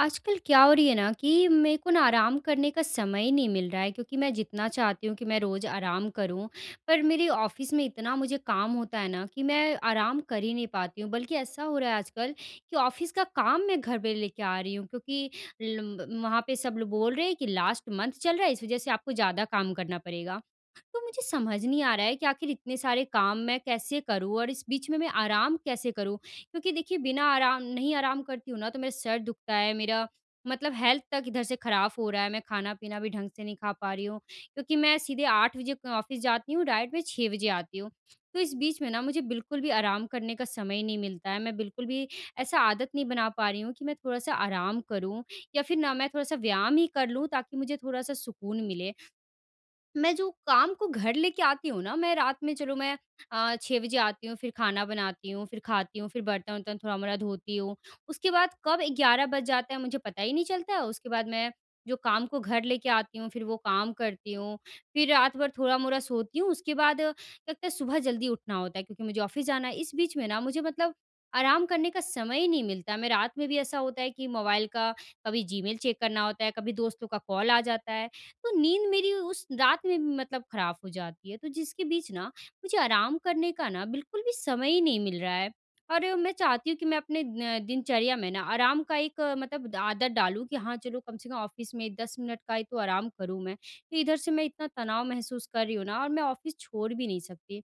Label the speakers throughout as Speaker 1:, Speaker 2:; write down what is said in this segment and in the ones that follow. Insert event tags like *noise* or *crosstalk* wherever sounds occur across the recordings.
Speaker 1: आजकल क्या हो रही है ना कि मेरे को ना आराम करने का समय ही नहीं मिल रहा है, क्योंकि मैं जितना चाहती हूँ कि मैं रोज़ आराम करूँ, पर मेरे ऑफ़िस में इतना मुझे काम होता है ना कि मैं आराम कर ही नहीं पाती हूँ। बल्कि ऐसा हो रहा है आजकल कि ऑफ़िस का काम मैं घर पे लेके आ रही हूँ, क्योंकि लम्ब वहाँ पे सब लोग बोल रहे हैं कि लास्ट मंथ चल रहा है, इस वज़ह से आपको ज़्यादा काम करना पड़ेगा। तो मुझे समझ नहीं आ रहा है कि आखिर इतने सारे काम मैं कैसे करूँ और इस बीच में मैं आराम कैसे करूँ? क्योंकि देखिए बिना आराम नहीं आराम करती हूँ ना तो मेरा सर दुखता है, मेरा मतलब हेल्थ तक इधर से खराब हो रहा है, मैं खाना-पीना भी ढंग से नहीं खा पा रही हूँ। क्योंकि मैं सीधे 8 बजे क ऑफ़िस जाती हूँ, डायरेक्ट मैं 6 बजे आती हूँ। तो इस बीच में ना मुझे बिल्कुल भी आराम करने का समय ही नहीं मिलता है, मैं बिल्कुल भी ऐसा आदत नहीं बना पा रही हूँ कि मैं थोड़ा-सा आराम करूँ या फिर ना मैं थोड़ा-सा व्यायाम ही कर लूँ, ताकि मुझे थोड़ा-सा सुकून मिले। मैं जो काम को घर लेके आती हूँ ना, मैं रात में चलो मैं अ, 6 बजे आती हूँ, फिर खाना बनाती हूँ फिर खाती हूँ, फिर बर्तन-वर्तन थोड़ा-मोड़ा धोती हूँ। उसके बाद कब 11 बज जाता है मुझे पता ही नहीं चलता है, उसके बाद मैं जो काम को घर लेके आती हूँ, फिर वो काम करती हूँ, फिर रात भर थोड़ा-मोड़ा सोती हूँ, उसके बाद लगता है सुबह जल्दी उठना होता है, क्योंकि मुझे ऑफ़िस जाना है, इस बीच में ना मुझे मतलब आराम करने का समय ही नहीं मिलता। मैं रात में भी ऐसा होता है कि मोबाइल का कभी जीमेल चेक करना होता है, कभी दोस्तों का कॉल आ जाता है, तो नींद मेरी उस रात में मतलब खराब हो जाती है, तो जिसके बीच ना मुझे आराम करने का ना बिल्कुल भी समय ही नहीं मिल रहा है। और मैं चाहती हूँ कि मैं अपने न दिनचर्या में ना आराम का एक मतलब ड आदत डालूँ, कि हाँ चलो कम से कम ऑफ़िस में 10 मिनट का ही तो आराम करूँ मैं। फिर इधर से मैं इतना तनाव महसूस कर रही हूँ ना और मैं ऑफ़िस छोड़ भी नहीं सकती,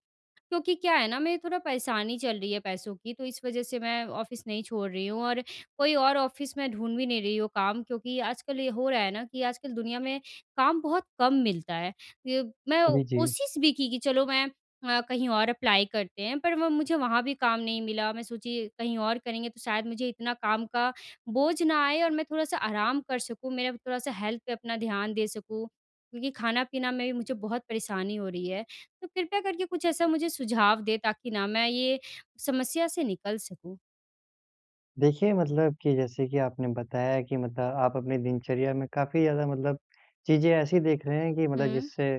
Speaker 1: क्योंकि क्या है ना मेरी थोड़ा परेशानी चल रही है पैसों की, तो इस वज़ह से मैं ऑफ़िस नहीं छोड़ रही हूँ। और कोई और ऑफ़िस में ढूँढ़ भी नहीं रही हूँ काम क्योंकि आजकल ये हो रहा है ना कि आजकल दुनिया में काम बहुत कम मिलता है। ये मैं
Speaker 2: जी, जी।
Speaker 1: कोशिश भी की कि, चलो मैं अ, कहीं और अप्लाई करते हैं पर वो मुझे वहाँ भी काम नहीं मिला। मैं सोची कहीं और करेंगे तो शायद मुझे इतना काम का बोझ ना आए और मैं थोड़ा-सा आराम कर सकूँ, मेरा थोड़ा-सा हेल्थ पे अपना ध्यान दे सकूँ, क्योंकि खाना-पीना में भी मुझे बहुत परेशानी हो रही है। तो कृपया करके कुछ ऐसा मुझे सुझाव दें ताकि ना मैं ये समस्या से निकल सकूँ।
Speaker 2: देखिए, मतलब की जैसे की आपने बताया कि मतलब आप अपने दिनचर्या में काफ़ी ज़्यादा मतलब चीज़ें ऐसी देख रहे हैं कि मतलब
Speaker 1: हुँ।
Speaker 2: जिससे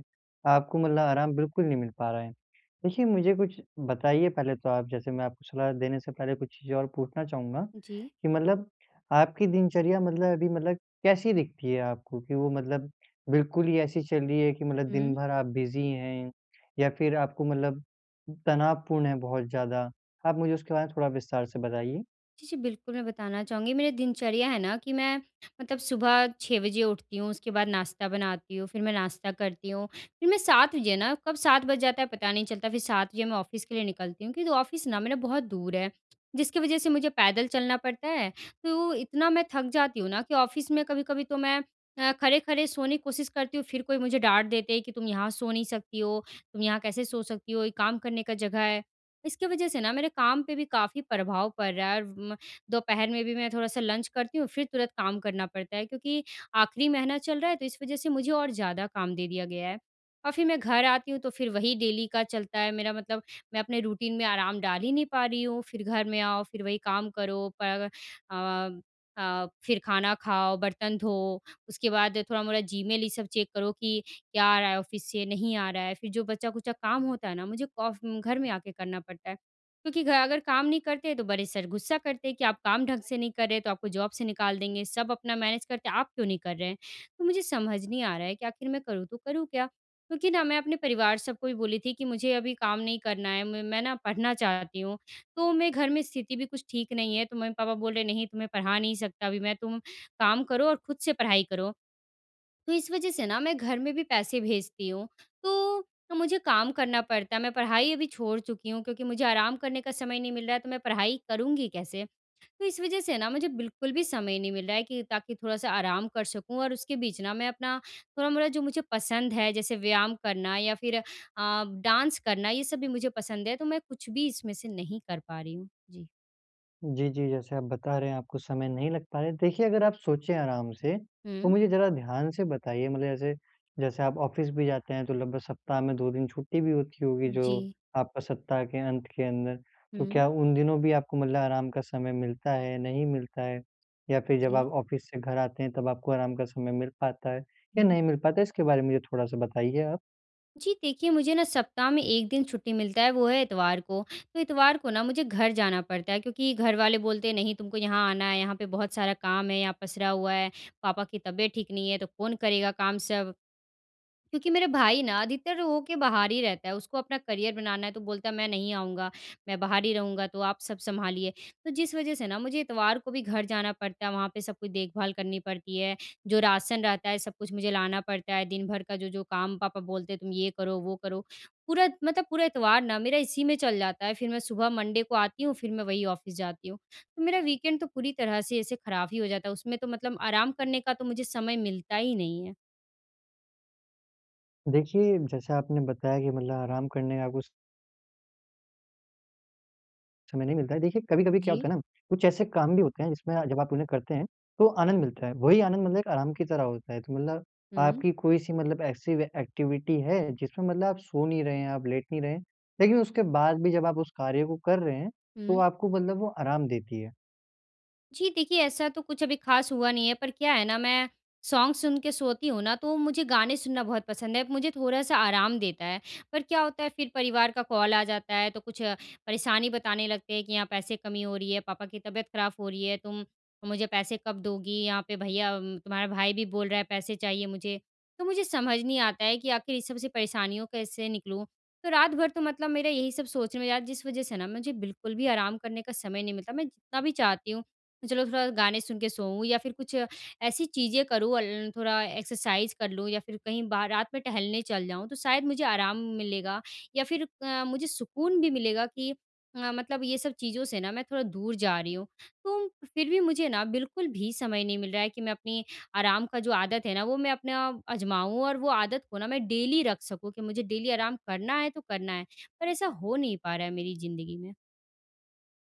Speaker 2: आपको मतलब आराम बिल्कुल नहीं मिल पा रहा है। देखिए, मुझे कुछ बताइए पहले तो आप जैसे मैं आपको सलाह देने से पहले कुछ चीज़ें और पूछना चाहूँगा
Speaker 1: जी।
Speaker 2: कि मतलब आपकी दिनचर्या मतलब अभी मतलब कैसी दिखती है आपको? की वो मतलब बिल्कुल ही ऐसी चल रही है कि मतलब दिन
Speaker 1: हुँ।
Speaker 2: भर आप बिज़ी हैं या फिर आपको मतलब तनावपूर्ण है बहुत ज़्यादा? आप मुझे उसके बारे में थोड़ा विस्तार से बताइए।
Speaker 1: जी, जी। बिल्कुल, मैं बताना चाहूँगी मेरी दिनचर्या है ना कि मैं मतलब सुबह 6 बजे उठती हूँ, उसके बाद नाश्ता बनाती हूँ, फिर मैं नाश्ता करती हूँ। फिर मैं 7 बजे ना कब 7 बज जाता है पता नहीं चलता फिर 7 बजे मैं ऑफ़िस के लिए निकलती हूँ क्योंकि ऑफ़िस ना मेरा बहुत दूर है जिसकी वज़ह से मुझे पैदल चलना पड़ता है तो इतना मैं थक जाती हूँ ना कि ऑफ़िस में कभी-कभी तो मैं अ, खड़े-खड़े सोने की कोशिश करती हूँ फिर कोई मुझे डाँट देते हैं कि तुम यहाँ सो नहीं सकती हो। तुम यहाँ कैसे सो सकती हो? ये काम करने का जगह है। इसकी वज़ह से ना मेरे काम पे भी काफ़ी प्रभाव पड़ रहा है व म दोपहर में भी मैं थोड़ा-सा लंच करती हूँ फिर तुरंत काम करना पड़ता है, क्योंकि आखिरी महीना चल रहा है तो इस वज़ह से मुझे और ज़्यादा काम दे दिया गया है और फिर मैं घर आती हूँ तो फिर वही डेली का चलता है मेरा मतलब मैं अपने रूटीन में आराम डाल ही नहीं पा रही हूँ फिर घर में आओ फिर वही काम करो पर अग अ अ, फिर खाना खाओ बर्तन धो। उसके बाद थोड़ा-मोड़ा जीमेल ये सब चेक करो कि क्या आ रहा है ऑफ़िस से? नहीं आ रहा है फिर जो बचा-खुचा काम होता है ना मुझे कॉफ घर अगर में आकर करना पड़ता है क्योंकि घर आकर काम नहीं करते हैं तो बड़े सर गुस्सा करते हैं कि आप काम ढंग से नहीं कर रहे तो आपको जॉब से निकाल देंगे सब अपना मैनेज करते हैं आप क्यों नहीं कर रहे हैं? तो मुझे समझ नहीं आ रहा है कि आखिर मैं करूँ तो करूँ क्या? क्योंकि ना मैं अपने परिवार सब को भी बोली थी कि मुझे अभी काम नहीं करना है म मैं ना पढ़ना चाहती हूँ। तो मे घर में स्थिति भी कुछ ठीक नहीं है तो मम्मी-पापा बोल रहे हैं नहीं तुम्हें पढ़ा नहीं सकता अभी मैं तुम काम करो और खुद से पढ़ाई करो। तो इस वज़ह से ना मैं घर में भी पैसे भेजती हूँ तो तो मुझे काम करना पड़ता है मैं पढ़ाई अभी छोड़ चुकी हूँ क्योंकि मुझे आराम करने का समय नहीं मिल रहा है तो मैं पढ़ाई करूँगी कैसे? तो इस वज़ह से ना मुझे बिल्कुल भी समय नहीं मिल रहा है कि ताकि थोड़ा-सा आराम कर सकूँ और उसके बीच ना मैं अपना थोड़ा-मोड़ा जो मुझे पसंद है जैसे व्यायाम करना या फिर अ, डांस करना ये सब भी मुझे पसंद है तो मैं कुछ भी इसमें से नहीं कर पा रही हूँ। जी।
Speaker 2: जी, जी। जैसे आप बता रहे हैं आपको समय नहीं लग पा रहा है। देखिए अगर आप सोचे आराम से तो
Speaker 1: हुँ।
Speaker 2: मुझे ज़रा ध्यान से बताइए मतलब जैसे, जैसे आप ऑफ़िस भी जाते हैं तो लगभग सप्ताह में 2 दिन छुट्टी भी होती होगी जो
Speaker 1: जी।
Speaker 2: आपका सप्ताह के अंत के अंदर। तो
Speaker 1: हुँ।
Speaker 2: क्या उन दिनों भी आपको मतलब आराम का समय मिलता है, नहीं मिलता है? या फिर जब
Speaker 1: जी।
Speaker 2: आप ऑफ़िस से घर आते हैं तब आपको आराम का समय मिल पाता है या
Speaker 1: हुँ।
Speaker 2: नहीं मिल पाता है? इसके बारे में मुझे थोड़ा-सा बताइए आप।
Speaker 1: जी, देखिए मुझे ना सप्ताह में 1 दिन छुट्टी मिलता है वो है इतवार को। तो इतवार को ना मुझे घर जाना पड़ता है। क्योंकि घर वाले बोलते हैं नहीं तुमको यहाँ आना है, यहाँ पे बहुत सारा काम है, यहाँ पसरा हुआ है, पापा की तबीयत ठीक नहीं है तो कौन करेगा काम सब। क्योंकि मेरे भाई ना अधिकतर हो के बाहर ही रहता है। उसको अपना करियर बनाना है, तो बोलता है मैं नहीं आऊँगा, मैं बाहर ही रहूँगा तो आप सब सँभालिए। तो जिस वज़ह से ना मुझे इतवार को भी घर जाना पड़ता है, वहाँ पे सब कोई देखभाल करनी पड़ती है। जो राशन रहता है सब कुछ मुझे लाना पड़ता है। दिन भर का जो-जो काम पापा बोलते हैं तुम ये करो, वो करो। पूरा मतलब पूरा इतवार ना मेरा इसी में चल जाता है। फिर मैं सुबह मंडे को आती हूँ, फिर मैं वही ऑफ़िस जाती हूँ। तो मेरा वीकेंड तो पूरी तरह से ऐसे ख़राब ही हो जाता है उसमें तो मतलब आराम करने का तो मुझे समय मिलता ही नहीं है।
Speaker 2: देखिए जैसा आपने बताया कि मतलब आराम करने का कुछ समय नहीं मिलता है। देखिए कभी-कभी क्या
Speaker 1: जी।
Speaker 2: होता है ना, कुछ ऐसे काम भी होते हैं जिसमें जब आप उन्हें करते हैं, तो आनंद मिलता है। वही आनंद मतलब आराम की तरह होता है। तो मतलब
Speaker 1: हुँ।
Speaker 2: आपकी कोई सी मतलब ऐसी एक्टिविटी है, जिसमें मतलब आप सो नहीं रहे हैं, आप लेट नहीं रहे लेकिन उसके बाद भी जब आप उस कार्य को कर रहे हैं, तो
Speaker 1: हुँ।
Speaker 2: आपको मतलब वो आराम देती है?
Speaker 1: जी देखिए। ऐसा तो कुछ अभी ख़ास हुआ नहीं है। पर क्या है ना मैं सॉन्ग सुन के सोती हूँ ना तो मुझे गाने सुनना बहुत पसंद है। मुझे थोड़ा-सा आराम देता है। पर क्या होता है फिर परिवार का कॉल आ जाता है। तो कुछ परेशानी बताने लगते हैं कि यहाँ पैसे कमी हो रही है, पापा की तबीयत ख़राब हो रही है, तुम मुझे पैसे कब दोगी? यहाँ पे भैया तुम्हारा भाई भी बोल रहा है पैसे चाहिए मुझे। तो मुझे समझ नहीं आता है कि आख़िर इस सब से परेशानियों कैसे निकलूँ? तो रात भर तो मतलब मेरा यही सब सोचने में यार जिस वज़ह से ना मुझे बिल्कुल भी आराम करने का समय नहीं मिलता। मतलब मैं जितना भी चाहती हूँ चलो थोड़ा गाने सुन के सोऊँ या फिर कुछ ऐसी चीज़ें करूँ अ, ल थोड़ा एक्सरसाइज़ कर लूँ या फिर कहीं बाहर रात में टहलने चल जाऊँ। तो शायद मुझे आराम मिलेगा या फिर अ, मुझे सुकून भी मिलेगा कि अ, मतलब ये सब चीज़ों से ना मैं थोड़ा दूर जा रही हूँ। तो फिर भी मुझे न बिल्कुल भी समय नहीं मिल रहा है कि मैं अपनी आराम का जो आदत है ना वो मैं अपना आजमाऊँ और वो आदत को ना मैं डेली रख सकूँ कि मुझे डेली आराम करना है तो करना है पर ऐसा हो नहीं पा रहा है मेरी ज़िंदगी में।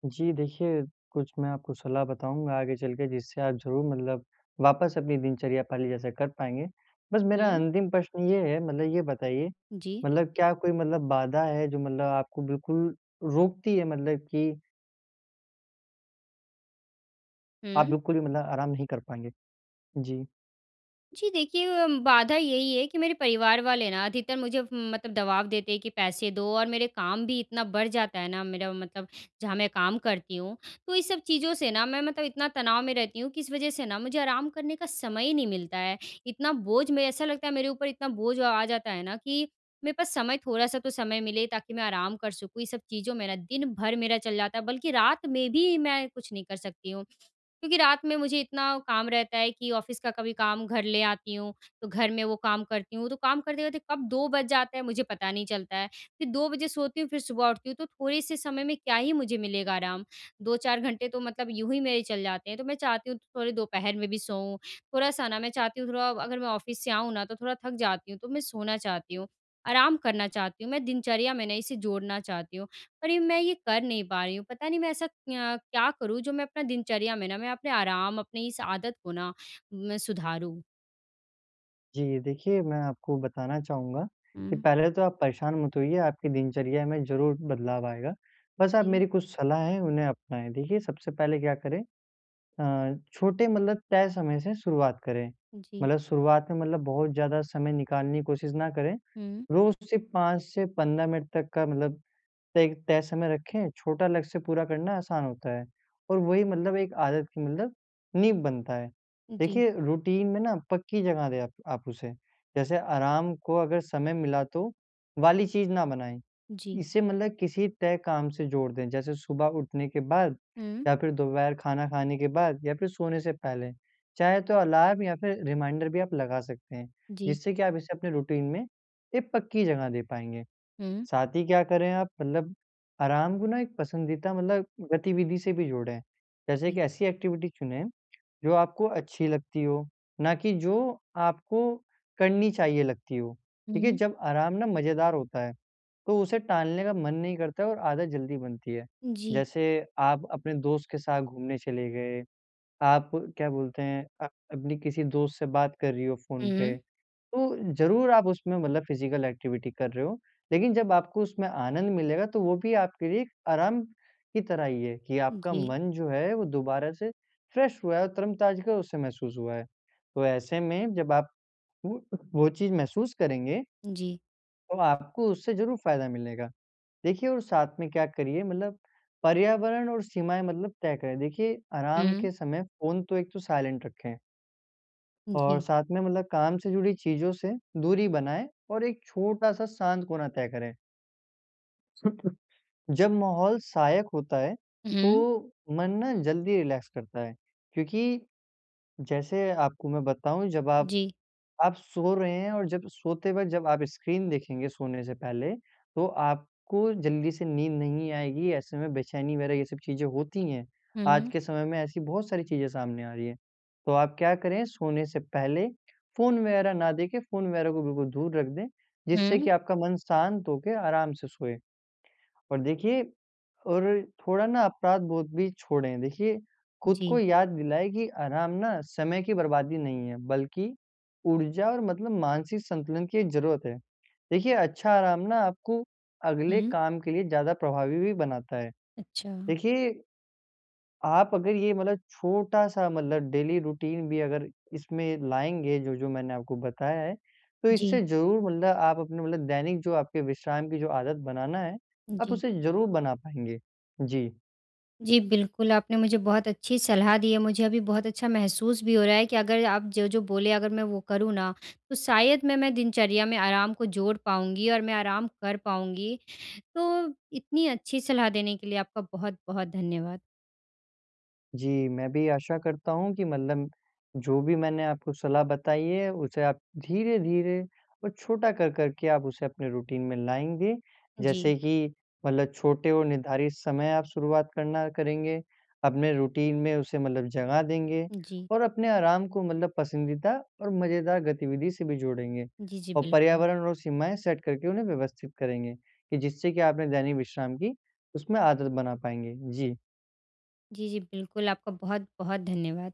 Speaker 2: जी देखिए, कुछ मैं आपको सलाह बताऊँगा आगे चल के जिससे आप ज़रूर मतलब वापस अपनी दिनचर्या पहले जैसा कर पाएँगे। बस मेरा
Speaker 1: हुँ।
Speaker 2: अंतिम प्रश्न ये है मतलब ये बताइए
Speaker 1: जी।
Speaker 2: मतलब क्या कोई मतलब बाधा है जो मतलब आपको बिल्कुल रोकती है मतलब की आप
Speaker 1: हुँ।
Speaker 2: बिल्कुल भी मतलब आराम नहीं कर पाएँगे? जी।
Speaker 1: जी। देखिए, बाधा यही है कि मेरे परिवार वाले ना अधिकतर मुझे म मतलब दवाब देते हैं कि पैसे दो और मेरे काम भी इतना बढ़ जाता है ना मेरा मतलब जहाँ मैं काम करती हूँ। तो ये सब चीज़ों से ना मैं मतलब इतना तनाव में रहती हूँ कि इस वज़ह से ना मुझे आराम करने का समय ही नहीं मिलता है। इतना बोझ में ऐसा लगता है मेरे ऊपर इतना बोझ आ जाता है ना कि मेरे पास समय थोड़ा-सा तो समय मिले ताकि मैं आराम कर सकूँ ये सब चीज़ों मेरा दिन भर मेरा चल जाता है। बल्कि रात में भी मैं कुछ नहीं कर सकती हूँ। क्योंकि रात में मुझे इतना काम रहता है कि ऑफ़िस का कभी काम घर ले आती हूँ। तो घर में वो काम करती हूँ। तो काम करते, करते कब 2 बज जाता है मुझे पता नहीं चलता है। फ़िर 2 बजे सोती हूँ फ़िर सुबह उठती हूँ तो थोड़े-से समय में क्या ही मुझे मिलेगा आराम 2-4 घंटे तो मतलब यूँ ही मेरे चले जाते हैं तो मैं चाहती हूँ थोड़े दोपहर में भी सोऊँ थोड़ा-सा ना मैं चाहती हूँ थोड़ा अगर मैं ऑफ़िस से आऊँ ना तो थोड़ा थक जाती हूँ तो मैं सोना चाहती हूँ। आराम करना चाहती हूँ। मैं दिनचर्या में ना इसे जोड़ना चाहती हूँ। पर ये मैं ये कर नहीं पा रही हूँ पता नहीं मैं ऐसा क्यं क्या करूँ जो मैं अपना दिनचर्या में ना मैं अपने आराम अपने इस आदत को ना मैं सुधारूँ।
Speaker 2: जी देखिए मैं आपको बताना चाहूँगा कि
Speaker 1: हुँ।
Speaker 2: पहले तो आप परेशान मत होइए, आपकी दिनचर्या में ज़रूर बदलाव आएगा। बस आप
Speaker 1: जी।
Speaker 2: मेरी कुछ सलाह है उन्हें अपनाएँ। देखिए सबसे पहले क्या करें अ, छोटे मतलब तय समय से शुरुआत करें।
Speaker 1: जी।
Speaker 2: मतलब शुरुआत में मतलब बहुत ज़्यादा समय निकालने की कोशिश ना करें,
Speaker 1: हुँ।
Speaker 2: रोज़ सिर्फ़ 5 से 15 मिनट तक का मतलब एक तय समय रखें, छोटा लक्ष्य पूरा करना आसान होता है। और वही मतलब एक आदत की मतलब नींव बनता है।
Speaker 1: जी।
Speaker 2: देखिए रूटीन में ना पक्की जगह दें आप आप उसे। जैसे आराम को अगर समय मिला तो वाली चीज़ ना बनाएँ,
Speaker 1: जी।
Speaker 2: इसे मतलब किसी तय काम से जोड़ दें। जैसे सुबह उठने के बाद
Speaker 1: हुँ।
Speaker 2: या फिर दोपहर खाना खाने के बाद या फिर सोने से पहले। चाहे तो अलार्म या फिर रिमाइंडर भी आप लगा सकते हैं
Speaker 1: जी।
Speaker 2: जिससे कि आप इसे अपने रूटीन में एक पक्की जगह दे पाएँगे।
Speaker 1: हुँ।
Speaker 2: साथ ही क्या करे आप मतलब, आराम को ना एक पसंदीदा मतलब गतिविधि से भी जोड़ें। जैसे कि
Speaker 1: कि
Speaker 2: ऐसी एक्टिविटी चुनें जो आपको अच्छी लगती हो, ना कि जो आपको करनी चाहिए लगती हो। देखिए
Speaker 1: हुँ।
Speaker 2: जब आराम ना मज़ेदार होता है तो उसे टालने का मन नहीं करता है और आदत जल्दी बनती है।
Speaker 1: जी।
Speaker 2: जैसे आप अपने दोस्त के साथ घूमने चले गए। आप क्या बोलते हैं, अ, अपने किसी दोस्त से बात कर रही हो
Speaker 1: हुँ,
Speaker 2: फ़ोन पे
Speaker 1: हुँ।
Speaker 2: तो ज़रूर आप उसमें मतलब फ़िजिकल एक्टिविटी कर रहे हो। लेकिन जब आपको उसमें आनंद मिलेगा तो वो भी आपके लिए एक आराम की तरह ही है कि आपका
Speaker 1: जी।
Speaker 2: मन जो है वो दोबारा से फ्रेश हुआ है और तरो ताज़गी उसे महसूस हुआ है। तो ऐसे में जब आप अ, वो चीज़ महसूस करेंगे
Speaker 1: जी।
Speaker 2: तो आपको उससे ज़रूर फ़ायदा मिलेगा। देखिए और साथ में क्या करिए मतलब पर्यावरण और सीमाएँ मतलब तय करें। देखिए आराम
Speaker 1: हुँ।
Speaker 2: के समय फ़ोन तो एक तो साइलेंट रखें। और
Speaker 1: जी।
Speaker 2: साथ में मतलब काम से जुड़ी चीजों से दूरी बनाएँ और एक छोटा-सा शांत कोना तय करें। *chuckles* जब माहौल सहायक होता है
Speaker 1: उ,
Speaker 2: तो
Speaker 1: हुँ।
Speaker 2: मन ना जल्दी रिलैक्स करता है। क्योंकि जैसे आपको मैं बताऊँ जब आप
Speaker 1: जी।
Speaker 2: आप सो रहे हैं और जब सोते वक़्त जब आप स्क्रीन देखेंगे सोने से पहले तो आपको जल्दी से नींद नहीं आएगी। ऐसे में बेचैनी वग़ैरह ये सब चीज़ें होती हैं।
Speaker 1: हुँ,
Speaker 2: आज
Speaker 1: हुँ।
Speaker 2: के समय में ऐसी बहुत सारी चीज़ें सामने आ रही है। तो आप क्या करें, सोने से पहले फोन वग़ैरह ना देखे फोन वग़ैरह को बिल्कुल दूर रख दें जिससे कि
Speaker 1: हुँ।
Speaker 2: आपका मन शांत होके आराम से सोए। और देखिए और थोड़ा-ना अपराध बोध भी छोड़ें। देखिए खुद को
Speaker 1: जी।
Speaker 2: याद दिलाएँ कि आराम ना समय की बर्बादी नहीं है, बल्कि ऊर्जा और मतलब मानसिक संतुलन की एक जरूरत है। देखिए अच्छा आराम ना आपको
Speaker 1: हुँ,
Speaker 2: अगले
Speaker 1: हुँ।
Speaker 2: काम के लिए ज़्यादा प्रभावी भी बनाता है।
Speaker 1: अच्छा।
Speaker 2: देखिए, आप अगर ये मतलब छोटा-सा मतलब डेली रूटीन भी अगर इसमें लाएँगे, जो-जो मैंने आपको बताया है, तो इससे
Speaker 1: जी।
Speaker 2: ज़रूर मतलब आप अपने मतलब दैनिक जो आपके विश्राम की जो आदत बनाना है,
Speaker 1: उ,
Speaker 2: आप
Speaker 1: जी।
Speaker 2: उसे ज़रूर बना पाएँगे। जी।
Speaker 1: जी, बिल्कुल। आपने मुझे बहुत अच्छी सलाह दी है। मुझे अभी बहुत अच्छा महसूस भी हो रहा है कि अगर आप जो-जो बोले अगर मैं वो करूँ ना तो शायद मे मैं दिनचर्या में आराम को जोड़ पाऊँगी और मैं आराम कर पाऊँगी। तो इतनी अच्छी सलाह देने के लिए आपका बहुत-बहुत धन्यवाद।
Speaker 2: जी, मैं भी आशा करता हूँ कि मतलब जो भी मैंने आपको सलाह बताई है उसे आप धीरे-धीरे और छोटा कर-कर के आप उसे अपने रूटीन में लाएँगे।
Speaker 1: जी।
Speaker 2: जैसे कि मतलब छोटे और निर्धारित समय आप शुरुआत करना करेंगे, अपने रूटीन में उसे मतलब जगह देंगे
Speaker 1: जी।
Speaker 2: और अपने आराम को मतलब पसंदीदा और मज़ेदार गतिविधि से भी जोड़ेंगे।
Speaker 1: जी, जी,
Speaker 2: और
Speaker 1: बिल्कुल।
Speaker 2: पर्यावरण और सीमाएँ सेट करके उन्हें व्यवस्थित करेंगे कि जिससे कि आपने दैनिक विश्राम की उसमें आदत बना पाएँगे। जी।
Speaker 1: जी, जी, बिल्कुल। आपका बहुत-बहुत धन्यवाद।